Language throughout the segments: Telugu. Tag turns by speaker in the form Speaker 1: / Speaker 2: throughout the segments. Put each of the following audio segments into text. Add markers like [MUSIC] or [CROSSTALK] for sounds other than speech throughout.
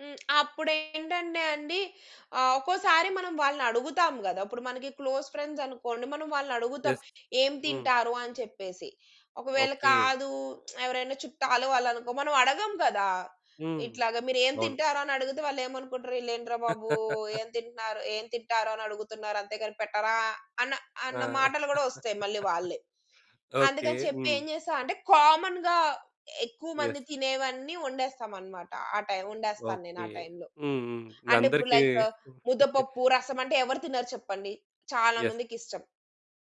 Speaker 1: హ్మ్. అప్పుడేంటంటే అండి ఆహ్, ఒక్కోసారి మనం వాళ్ళని అడుగుతాం కదా! ఇప్పుడు మనకి క్లోజ్ ఫ్రెండ్స్ అనుకోండి. మనం వాళ్ళనడుగుతాం.
Speaker 2: యెస్.
Speaker 1: "ఏం
Speaker 2: హ్మ్.
Speaker 1: తింటారు?" అని చెప్పేసి. ఒకవేళ
Speaker 2: ఓకే.
Speaker 1: కాదు, [TSK] ఎవరైనా చుట్టాలు వాళ్ళు అనుకో మనం అడగం కదా!
Speaker 2: హ్మ్.
Speaker 1: ఇట్లాగ మీరు ఏం
Speaker 2: అవును.
Speaker 1: తింటారని అడిగితే, వాళ్లేమనుకుంటారు, "వీళ్లేంట్రా బాబు!
Speaker 2: [LAUGHS]
Speaker 1: ఏం తింటున్నారు ఏం తింటారు అని అడుగుతున్నారు. అంతేగాని పెట్టరా" అన్న
Speaker 2: ఆ!
Speaker 1: అన్న
Speaker 2: [LAUGHS]
Speaker 1: మాటలు కూడా వస్తాయి మళ్ళీ వాళ్ళే.
Speaker 2: ఓకే.
Speaker 1: అందుకని చెప్పి
Speaker 2: హ్మ్.
Speaker 1: ఏం చేస్తా అంటే కామన్‌గా ఎక్కువ
Speaker 2: యెస్.
Speaker 1: మంది తినేవన్నీ వండేస్తాం అన్నమాట. ఆ టైమ్ వండేస్తాను నేను ఆ
Speaker 2: ఓకే.
Speaker 1: టైమ్‌లో.
Speaker 2: హ్మ్. హ్మ్.
Speaker 1: అంటే ఇప్పుడు
Speaker 2: అందరికి
Speaker 1: లైక్,
Speaker 2: [CHUCKLES]
Speaker 1: ముద్దపప్పు రసం అంటే ఎవరు తినరు చెప్పండి. చాలా
Speaker 2: యెస్.
Speaker 1: మందికిష్టం.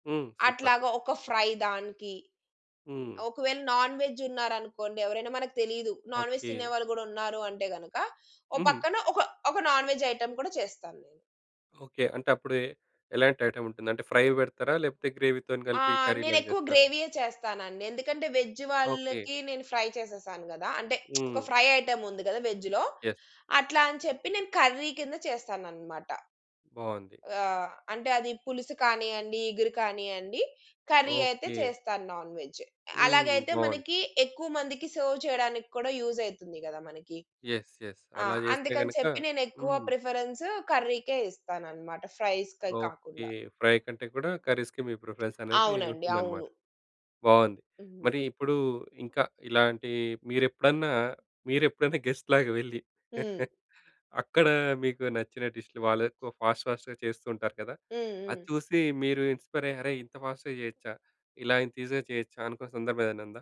Speaker 2: హ్మ్. సూపర్!
Speaker 1: అట్లాగా ఒక ఫ్రై దానికి,
Speaker 2: హ్మ్.
Speaker 1: ఒకవేళ నాన్‌వెజ్ ఉన్నారనుకోండి ఎవరైనా మనకు తెలీదు. Nonveg
Speaker 2: okay.
Speaker 1: తినేవాళ్ళు కూడా ఉన్నారు అంటే గనుక ఓ
Speaker 2: హ్మ్.
Speaker 1: పక్కన ఒక ఒక నాన్‌వెజ్ ఐటెమ్ కూడా చేస్తాను నేను.
Speaker 2: ఓకే. అంటే అప్పుడే ఎలాంటి ఐటెమ్ ఉంటుంది. అంటే ఫ్రై పెడతారా? లేకపోతే గ్రేవీ‌తోని
Speaker 1: ఆ!
Speaker 2: కలిపి కర్రీలాగా
Speaker 1: నేనెక్కువ
Speaker 2: చేస్తారా?
Speaker 1: గ్రేవీయే చేస్తానండి. ఎందుకంటే వెజ్
Speaker 2: ఓకే.
Speaker 1: వాళ్ళకి నేను ఫ్రై చేసేసాను కదా! అంటే [SMACKS LIPS] ఒక
Speaker 2: హ్మ్.
Speaker 1: ఫ్రై ఐటెమ్ ఉంది కదా వెజ్‌లో.
Speaker 2: యెస్.
Speaker 1: అట్లా అని చెప్పి నేను కర్రీ కింద చేస్తాననమాట.
Speaker 2: బాగుంది.
Speaker 1: ఆ! అంటే అది పులుసు కానియ్యండి, ఇగురు కానియ్యండి. కర్రీ అయితే
Speaker 2: ఓకే.
Speaker 1: చేస్తాను నాన్‌వెజ్.
Speaker 2: హ్మ్.
Speaker 1: అలాగైతే
Speaker 2: బావుంది.
Speaker 1: మనకి ఎక్కువ మందికి సెర్వ్ చేయడానికి కూడా యూజ్ అయితుంది కదా మనకి.
Speaker 2: యెస్. యెస్.
Speaker 1: ఆ!
Speaker 2: అలా చేస్తే
Speaker 1: అందుకని
Speaker 2: గనక
Speaker 1: చెప్పి నేనెక్కువ
Speaker 2: హ్మ్.
Speaker 1: ప్రిఫరెన్స్ కర్రీ‌కే ఇస్తానన్నమాట. ఫ్రైస్‌కే
Speaker 2: ఓకే.
Speaker 1: కాకుండా.
Speaker 2: ఫ్రై కంటే కూడా కర్రీస్‌కి మీ ప్రిఫరెన్స్ అనేది
Speaker 1: అవునండి.
Speaker 2: ఉంటుందన్నమాట.
Speaker 1: అవును.
Speaker 2: బావుంది.
Speaker 1: హ్మ్.
Speaker 2: మరి ఇప్పుడు ఇంకా ఇలాంటి మీరెప్పుడన్నా మీరెప్పుడైనా గెస్ట్‌లాగా వెళ్లి
Speaker 1: హ్మ్.
Speaker 2: [CHUCKLES] అక్కడ మీకు నచ్చిన డిష్‌లు, వాళ్ళు ఫాస్ట్ ఫాస్ట్‌గా చేస్తూ ఉంటారు కదా!
Speaker 1: హ్మ్.
Speaker 2: అది
Speaker 1: హ్మ్.
Speaker 2: చూసి మీరు ఇన్‌స్పైర్ అయ్యి, "అరే! ఇంత ఫాస్ట్‌గా చేయొచ్చా? ఇలా ఇంత ఈసీగా చేయొచ్చా?" అనుకున్న సందర్భం ఏదైనా ఉందా?